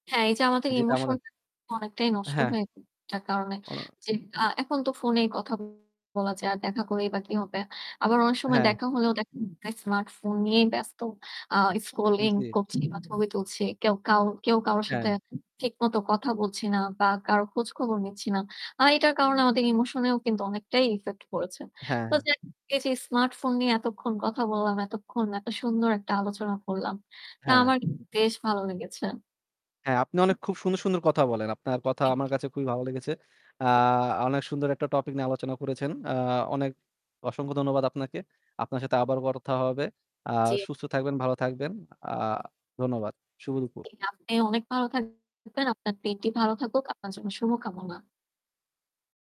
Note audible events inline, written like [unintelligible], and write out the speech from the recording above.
হ্যাঁ, এই যে আমাদের যেটা emotion আমাদের। অনেকটাই নষ্ট হ্যাঁ। হয়ে যায় তার কারণে। অ যে আ এখন তো phone-এই কথা বলা যায় আর দেখা করলেই বা কি হবে? আবার অনেক সময় হ্যাঁ। দেখা হলেও দেখা যায় smartphone নিয়েই ব্যস্ত। আ scrolling জি। করছি বা ছবি তুলছি। কেউ কাউ কেউ কারো সাথে হ্যাঁ। ঠিকমতো কথা বলছি না বা কারো খোঁজখবর নিচ্ছি না। আ এটার কারণে আমাদের emotion-এও কিন্তু অনেকটাই effect পড়েছে। হ্যাঁ। তো হ্যাঁ। যে এই যে smartphone নিয়ে এতক্ষণ কথা বললাম, এতক্ষণ একটা সুন্দর একটা আলোচনা করলাম, তা হ্যাঁ। আমার বেশ ভালো লেগেছে। হ্যাঁ, আপনি অনেক খুব সুন্দর, সুন্দর কথা বলেন। আপনার কথা আমার [unintelligible] কাছে খুবই ভালো লেগেছে। আ [unintelligible] আ অনেক সুন্দর একটা topic নিয়ে আলোচনা করেছেন। আ অনেক অসংখ্য ধন্যবাদ আপনাকে। আপনার সাথে আবারও কথা হবে। আ জি। সুস্থ থাকবেন, ভালো থাকবেন। আ ধন্যবাদ। শুভ দুপুর। জি, আপনি অনেক ভালো থাকবেন আপনার দিনটি ভালো থাকুক। আপনার জন্য শুভকামনা।